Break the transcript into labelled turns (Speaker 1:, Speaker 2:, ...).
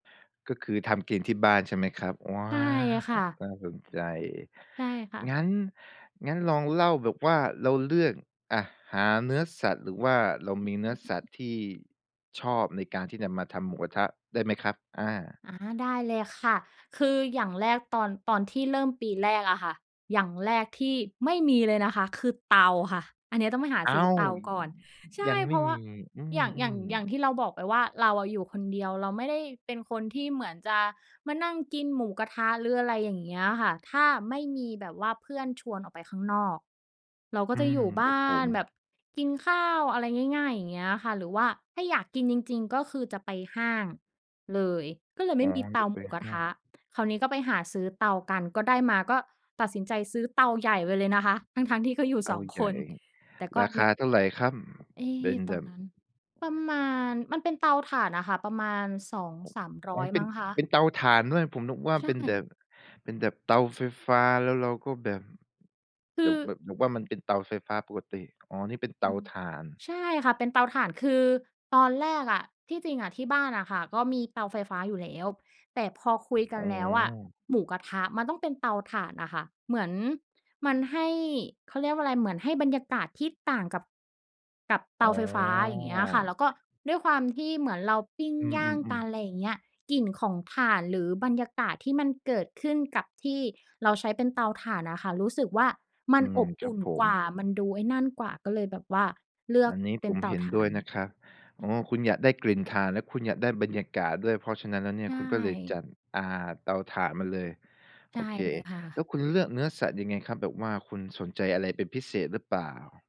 Speaker 1: ก็คือทำกินที่บ้านใช่ไหมครับ? ว้า
Speaker 2: ใช่อะค่
Speaker 1: ว!
Speaker 2: ะ
Speaker 1: น่าสนใจ
Speaker 2: ใช่ค่ะ
Speaker 1: งั้น งั้นลองเล่าแบบว่าเราเลือก อะ หาเนื้อสัตว์ หรือว่าเรามีเนื้อสัตว์ที่ชอบในการที่จะมาทำหมูกระทะได้ไหมครับ? อา
Speaker 2: อ๋อ ได้เลยค่ะ คืออย่างแรกตอน ตอนที่เริ่มปีแรกอะค่ะ อย่างแรกที่ไม่มีเลยนะคะ คือเตาค่ะ อันเนี้ยต้องไปหา
Speaker 1: อ้
Speaker 2: ซื้
Speaker 1: า
Speaker 2: อ
Speaker 1: ว!
Speaker 2: เตาก่อน ใช
Speaker 1: ย
Speaker 2: ่
Speaker 1: ังไ
Speaker 2: เ
Speaker 1: ม
Speaker 2: พ
Speaker 1: ่
Speaker 2: ราะว่
Speaker 1: มี
Speaker 2: า
Speaker 1: อื
Speaker 2: อย่าง อย่าง
Speaker 1: ม
Speaker 2: อย่า
Speaker 1: ๆ
Speaker 2: งที่เราบอกไปว่า เราอะอยู่คนเดียว เราไม่ได้เป็นคนที่เหมือนจะมานั่งกินหมูกระทะ หรืออะไรอย่างเงี้ยค่ะ ถ้าไม่มีแบบว่าเพื่อนชวนออกไปข้างนอก เราก็
Speaker 1: อื
Speaker 2: จะอย
Speaker 1: ม
Speaker 2: ู่บ
Speaker 1: ครั
Speaker 2: ้
Speaker 1: บผ
Speaker 2: านแบ
Speaker 1: ม
Speaker 2: บกินข้าว อะไรง่าย ๆ อย่างเงี้ยค่ะ หรือว่าถ้าอยากกินจริง ๆ ก็คือจะไปห้างเลย ก็เลยไม
Speaker 1: อ๋
Speaker 2: ่
Speaker 1: อ
Speaker 2: มีเต
Speaker 1: จ
Speaker 2: า
Speaker 1: ะไ
Speaker 2: หม
Speaker 1: ป
Speaker 2: ูกระ
Speaker 1: ห้า
Speaker 2: ท
Speaker 1: ง
Speaker 2: ะ คราวนี้ก็ไปหาซื้อเตากัน ก็ได้มา ก็ตัดสินใจซื้อเตาใหญ่ไปเลยนะคะ ทั้ง ๆ ที่ก็อยู่กัน
Speaker 1: เต
Speaker 2: ส
Speaker 1: า
Speaker 2: อง
Speaker 1: ใ
Speaker 2: ค
Speaker 1: หญ่
Speaker 2: น แต่ก็
Speaker 1: ราค
Speaker 2: ใน
Speaker 1: าเท่าไรครับ?
Speaker 2: เอ๊
Speaker 1: เป็น
Speaker 2: ต
Speaker 1: แ
Speaker 2: อ
Speaker 1: บ
Speaker 2: น
Speaker 1: บ
Speaker 2: นั้นประมาณ มันเป็นเตาถ่านอะค่ะ ประมาณ สอง
Speaker 1: อ๋
Speaker 2: สามร้
Speaker 1: อ
Speaker 2: อย
Speaker 1: เป
Speaker 2: ม
Speaker 1: ็
Speaker 2: ั
Speaker 1: น
Speaker 2: ้งค
Speaker 1: เป
Speaker 2: ะ
Speaker 1: ็นเตาถ่านด้วย ผมนึกว่า
Speaker 2: ใช
Speaker 1: เป็นแบ
Speaker 2: ่
Speaker 1: บ เป็นแบบเตาไฟฟ้า แล้วเราก็แบบ
Speaker 2: ค
Speaker 1: แบ
Speaker 2: ื
Speaker 1: บ
Speaker 2: อ
Speaker 1: แบบว่ามันเป็นเตาไฟฟ้าปกติ อ๋อ นี่เป็นเต
Speaker 2: อื
Speaker 1: า
Speaker 2: ม
Speaker 1: ถ่าน
Speaker 2: ใช่ค่ะ เป็นเตาถ่าน คือตอนแรกอะ ที่จริงอะ ที่บ้านอะค่ะ ก็มีเตาไฟฟ้าอยู่แล้ว แต่พอคุยกั
Speaker 1: อ๋
Speaker 2: นแล้วอะ
Speaker 1: อ
Speaker 2: หมูกระทะมันต้องเป็นเตาถ่านน่ะค่ะ เหมือนมันให้ เขาเรียกว่าอะไร เหมือนให้บรรยากาศที่ต่างกับ กับเต
Speaker 1: อ๋
Speaker 2: า
Speaker 1: อ
Speaker 2: ไฟฟ้า อย่างเงี้ยค่ะ แล้วก็ด้วยความที่เหมือนเราปิ้ง
Speaker 1: อื
Speaker 2: ย่างก
Speaker 1: ม
Speaker 2: ัน
Speaker 1: ๆ
Speaker 2: ไร
Speaker 1: ๆ
Speaker 2: อย่างเงี้ย กลิ่นของถ่าน หรือบรรยากาศที่มันเกิดขึ้นกับที่เราใช้เป็นเตาถ่านอะค่ะ รู้สึกว่า มั
Speaker 1: อื
Speaker 2: นอ
Speaker 1: ม
Speaker 2: บ
Speaker 1: ค
Speaker 2: อ
Speaker 1: รั
Speaker 2: ุ
Speaker 1: บ
Speaker 2: ่น
Speaker 1: ผ
Speaker 2: กว
Speaker 1: ม
Speaker 2: ่า มันดูไอ้นั่นกว่า ก็เลยแบบว่าเลือ
Speaker 1: อั
Speaker 2: ก
Speaker 1: นนี้
Speaker 2: เป
Speaker 1: ผ
Speaker 2: ็น
Speaker 1: ม
Speaker 2: เต
Speaker 1: เ
Speaker 2: า
Speaker 1: ห็น
Speaker 2: ถ่
Speaker 1: ด
Speaker 2: า
Speaker 1: ้วย
Speaker 2: น
Speaker 1: นะครับ อ๋อ คุณอยากได้กลิ่นถ่าน และคุณอยากได้บรรยากาศด้วย เพราะฉะนั้นแล้วเนี
Speaker 2: ใ
Speaker 1: ่
Speaker 2: ช
Speaker 1: ย คุณก็เลยจ
Speaker 2: ่
Speaker 1: ัด อ่า เตาถ่านมาเลย
Speaker 2: ใช
Speaker 1: โอ
Speaker 2: ่
Speaker 1: เค
Speaker 2: เลยค่
Speaker 1: แล้
Speaker 2: ะ
Speaker 1: วคุณเลือกเนื้อสัตว์ยังไงครับ? แบบว่าคุณสนใจอะไรเป็นพิเศษ หรือเปล่า?